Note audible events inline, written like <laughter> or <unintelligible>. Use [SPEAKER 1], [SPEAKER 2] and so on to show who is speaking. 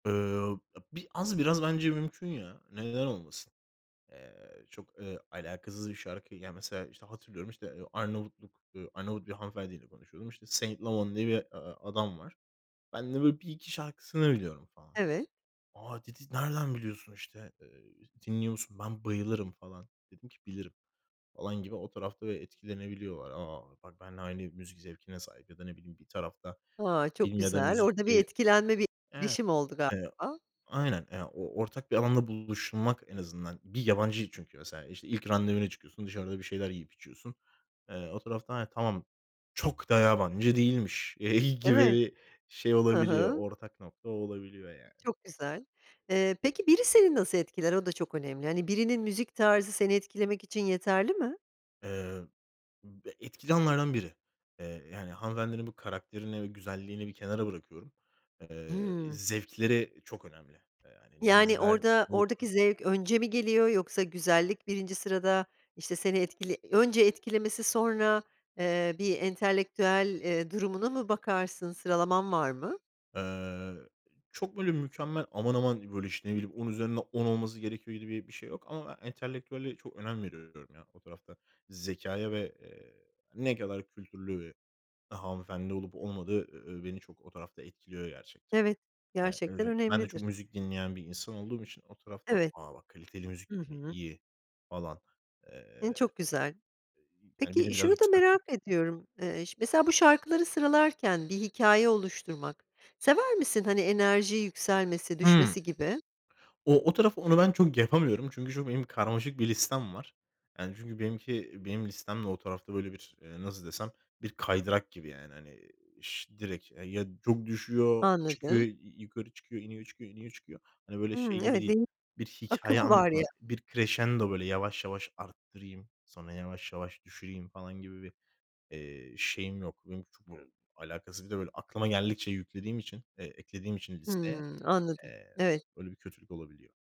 [SPEAKER 1] Iıı, a bi az biraz bence mümkün ya, neden olmasın? Eee, çok, eee, alakasız bir şarkı. Ya, mesela, işte, hatırlıyorum, işte, Arnavutluk, ııı, Arnavut bir hanımefendiyle konuşuyordum. İşte, <unintelligible> diye bir adam var. Ben de böyle 1-2 şarkısını biliyorum falan.
[SPEAKER 2] Evet.
[SPEAKER 1] "A!" dedi, "Nereden biliyorsun, işte? Eee, dinliyor musun? Ben bayılırım." falan. Dedim ki, "Bilirim." falan gibi. O tarafta da etkilenebiliyorlar. A, bak benle aynı müzik zevkine sahip ya da ne bileyim bir tarafta
[SPEAKER 2] A, çok
[SPEAKER 1] film ya da
[SPEAKER 2] güzel.
[SPEAKER 1] müzik
[SPEAKER 2] Orada bir
[SPEAKER 1] diye
[SPEAKER 2] etkilenme bir
[SPEAKER 1] Evet.
[SPEAKER 2] etkileşim oldu
[SPEAKER 1] Eee,
[SPEAKER 2] galiba.
[SPEAKER 1] aynen. <unintelligible> Ortak bir alanda buluşmak en azından bir yabancıyı çünkü mesela, işte, ilk randevuya çıkıyorsun, dışarıda bir şeyler yiyip içiyorsun. Eee, o tarafta <unintelligible> "Tamam çok da yabancı değilmiş." <unintelligible> gibi
[SPEAKER 2] Evet.
[SPEAKER 1] bir şey
[SPEAKER 2] Hı
[SPEAKER 1] olabiliyor,
[SPEAKER 2] hı.
[SPEAKER 1] ortak nokta olabiliyor yani.
[SPEAKER 2] Çok güzel. Eee, peki biri seni nasıl etkiler? O da çok önemli. Hani, birinin müzik tarzı seni etkilemek için yeterli mi?
[SPEAKER 1] Eee, ıb e etkili alanlardan biri. Eee, yani, hanımefendinin bu karakterini ve güzelliğini bir kenara bırakıyorum. Eee, i
[SPEAKER 2] Hımm.
[SPEAKER 1] zevkleri çok önemli. Eee, hani ne
[SPEAKER 2] Yani,
[SPEAKER 1] izler?
[SPEAKER 2] orada
[SPEAKER 1] Ne
[SPEAKER 2] oradaki
[SPEAKER 1] okur?
[SPEAKER 2] zevk önce mi geliyor? Yoksa güzellik 1. sırada, işte, seni etkili önce etkilemesi sonra, eee, bir entelektüel, eee, durumuna mı bakarsın? Sıralaman var mı?
[SPEAKER 1] Eee, iii, çok böyle mükemmel, aman aman, böyle, işte, ne bileyim, on üzerinden on olması gerekiyor gibi bir şey yok. Ama ben entelektüelliğe çok önem veriyorum. O tarafta zekâya ve, eee, ne kadar kültürlü ve daha hanımefendi olup olmadığı, eee, beni çok o tarafta etkiliyor gerçekten.
[SPEAKER 2] Evet,
[SPEAKER 1] Eee,
[SPEAKER 2] gerçekten
[SPEAKER 1] <unintelligible> ben de
[SPEAKER 2] önemlidir.
[SPEAKER 1] çok müzik dinleyen bir insan olduğum için o tarafta,
[SPEAKER 2] Evet.
[SPEAKER 1] "A, bak kaliteli müzik
[SPEAKER 2] Hı
[SPEAKER 1] dinliyor.
[SPEAKER 2] hı.
[SPEAKER 1] İyi." falan, eee,
[SPEAKER 2] <unintelligible> Çok güzel.
[SPEAKER 1] yani beni
[SPEAKER 2] Peki şunu
[SPEAKER 1] biraz
[SPEAKER 2] da
[SPEAKER 1] yükseltiyor.
[SPEAKER 2] merak ediyorum: Eee, ş mesela bu şarkıları sıralarken bir hikâye oluşturmak, sever misin? Hani, enerji yükselmesi
[SPEAKER 1] Hımm.
[SPEAKER 2] düşmesi gibi.
[SPEAKER 1] O o taraf onu ben çok yapamıyorum. Çünkü şu benim karmaşık bir listem var. Yani çünkü benimki benim listem de o tarafta, böyle, bir, nasıl desem, bir kaydırak gibi, yani, hani, ş direkt E, ya çok düşüyor, çıkıyor,
[SPEAKER 2] Anladım.
[SPEAKER 1] y y yukarı çıkıyor, iniyor çıkıyor, iniyor çıkıyor. Hani, böyle şey
[SPEAKER 2] Hımm,
[SPEAKER 1] gibi
[SPEAKER 2] evet,
[SPEAKER 1] değil,
[SPEAKER 2] <unintelligible>
[SPEAKER 1] bir
[SPEAKER 2] akım
[SPEAKER 1] hikâye
[SPEAKER 2] var ya
[SPEAKER 1] anlatımı, bir kreşendo, böyle, "Yavaş yavaş arttırayım, sonra yavaş yavaş düşüreyim." falan gibi bir, eee, şeyim yok. Benimki çok, böyle, alakasız bir de, böyle, aklıma geldikçe yüklediğim için, eee, eklediğim için listeye,
[SPEAKER 2] Hımm, anladım.
[SPEAKER 1] eee
[SPEAKER 2] Evet.
[SPEAKER 1] öyle bir kötülük olabiliyor.